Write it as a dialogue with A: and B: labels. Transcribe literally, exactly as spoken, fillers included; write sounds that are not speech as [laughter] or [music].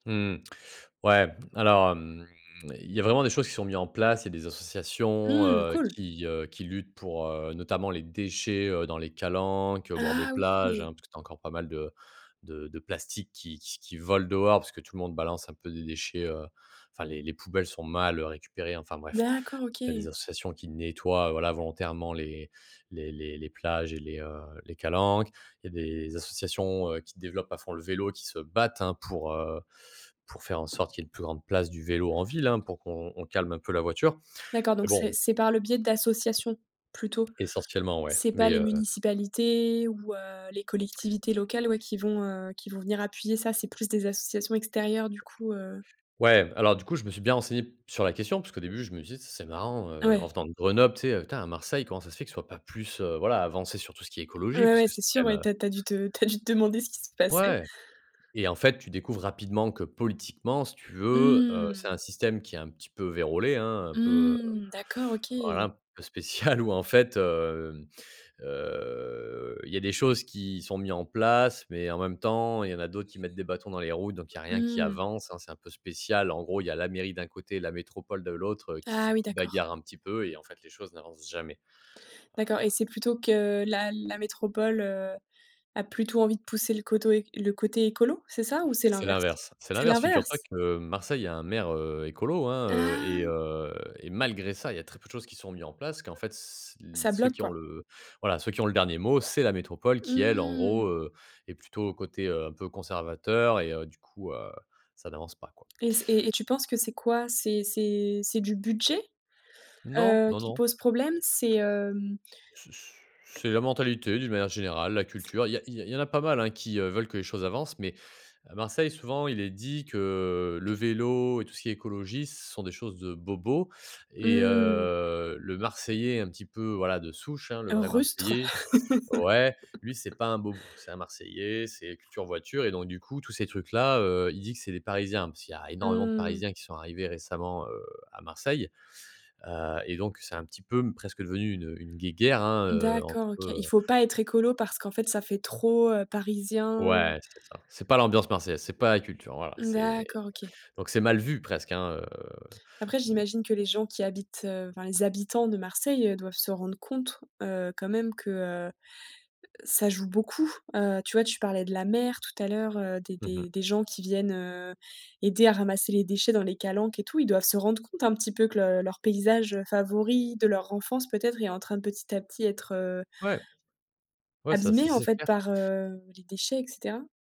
A: Mmh. Ouais, alors, hem, il y a vraiment des choses qui sont mis en place. Il y a des associations,
B: Mmh.
A: heu,
B: Cool.
A: qui, heu, qui luttent pour, heu, notamment les déchets, heu, dans les calanques, heu, au bord des
B: Ah
A: plages,
B: oui!
A: hein, parce que tu as encore pas mal de de de plastique qui q qui volent dehors, parce que tout le monde balance un peu des déchets, heu, enfin, les les poubelles sont mal, heu, récupérées. Enfin bref,
B: D'accord,
A: tu as
B: OK.
A: des associations qui nettoient, voilà, volontairement les les les les plages et les, heu, les calanques. Il y a des associations, heu, qui développent à fond le vélo, qui se battent, hein, pour, heu, pour faire en sorte qu'il y ait une plus grande place du vélo en ville, hein, pour qu'on on calme un peu la voiture,
B: D'accord
A: mais
B: donc c'est
A: bon
B: c'est par le biais d'associations plutôt?
A: Essentiellement ouais,
B: C'est pas
A: mais,
B: les
A: heu
B: municipalités ou, heu, les collectivités locales, ouais, qui vont, heu, qui vont venir appuyer ça, c'est plus des associations extérieures du coup, heu
A: Ouais, alors du coup, je me suis bien renseigné sur la question, parce qu'au début, je me suis dit: «C'est marrant, heu, en
B: Ouais.
A: venant de Grenoble, tu sais, tin à Marseille, comment ça se fait que ce soit pas plus, heu, voilà, avancé sur tout ce qui est écologie?»
B: Ouais,
A: parce
B: ouais,
A: que c'est
B: c'est sûr,
A: quand même
B: ouais,
A: heu
B: tu as tu as dû te tu as dû te demander ce qui se passait.
A: Ouais et en fait, tu découvres rapidement que politiquement, si tu veux, heu, c'est
B: Mmh.
A: un système qui est un petit peu vérolé, hein, un peu,
B: Mmh. D'accord,
A: voilà,
B: OK.
A: un peu spécial où, en fait, hem, heu, il y a des choses qui sont mis en place mais en même temps, il y en a d'autres qui mettent des bâtons dans les roues, donc il y a rien qui
B: Mmh.
A: avance, hein. C'est un peu spécial. En gros, il y a la mairie d'un côté, la métropole de l'autre, heu, qui
B: Ah
A: se
B: oui, d'accord.
A: bagarrent un petit peu et en fait, les choses n'avancent jamais,
B: D'accord et
A: heu
B: c'est plutôt que la la métropole, heu, a plutôt envie de pousser le coto é le côté écolo, c'est ça ou c'est
A: C'est
B: l'inverse?
A: l'inverse. C'est
B: C'est
A: l'inverse, figure-toi
B: l'inverse?
A: que Marseille a un maire, heu, écolo, hein, heu et
B: Ah!
A: heu, et malgré ça, il y a très peu de choses qui sont mis en place parce qu'en fait, c l
B: Ça
A: ceux
B: bloque,
A: qui ont
B: quoi?
A: le voilà, ceux qui ont le dernier mot, c'est la métropole qui, elle, en
B: Mmh
A: gros,
B: mh.
A: heu, est plutôt côté, heu, un peu conservateur et heu, du coup, heu, ça n'avance pas, quoi.
B: Et c et et tu penses que c'est quoi? C'est c'est c'est du budget,
A: Non,
B: heu,
A: non,
B: qui
A: non.
B: pose problème? C'est, hem
A: Ce ce c'est la mentalité d'une manière générale, la culture, il y a il y a il y en a pas mal, hein, qui, heu, veulent que les choses avancent, mais à Marseille, souvent, il est dit que le vélo et tout ce qui est écologie, ce sont des choses de bobo et
B: Mmh mh.
A: heu, le Marseillais un petit peu, voilà, de souche, hein, le vrai
B: Rustre?
A: Marseillais, ouais, lui, c'est
B: [laughs]
A: pas un bobo. C'est un Marseillais, c'est culture voiture et donc, du coup, tous ces trucs là, heu, il dit que c'est des Parisiens. Parce qu'il y a énormément de
B: Mmh mh.
A: Parisiens qui sont arrivés récemment, heu, à Marseille, heu et donc c'est un petit peu m presque devenu une, heu, une guéguerre, hein, heu, entre,
B: D'accord, OK. Il
A: heu
B: faut pas être écolo parce qu'en fait, ça fait trop, heu, parisien ou
A: Ouais, c'est ça. C'est pas l'ambiance marseillaise, c'est pas la culture, voilà, c'est
B: D'accord, OK.
A: donc c'est mal vu presque, hein, heu
B: Après
A: mmh.
B: j'imagine que les gens qui habitent, heu, enfin les habitants de Marseille, heu, doivent se rendre compte, heu, quand même que, heu, ça joue beaucoup. Heu, tu vois, tu parlais de la mer tout à l'heure, heu, des
A: Mmh
B: des
A: mh.
B: des gens qui viennent, heu, aider à ramasser les déchets dans les calanques et tout. Ils doivent se rendre compte un petit peu que le leur paysage, heu, favori de leur enfance peut-être est en train de petit à petit être, heu
A: Ouais. Ouais ça ça
B: abîmé, en
A: c'est
B: fait,
A: clair.
B: par, heu, les déchets et cetera?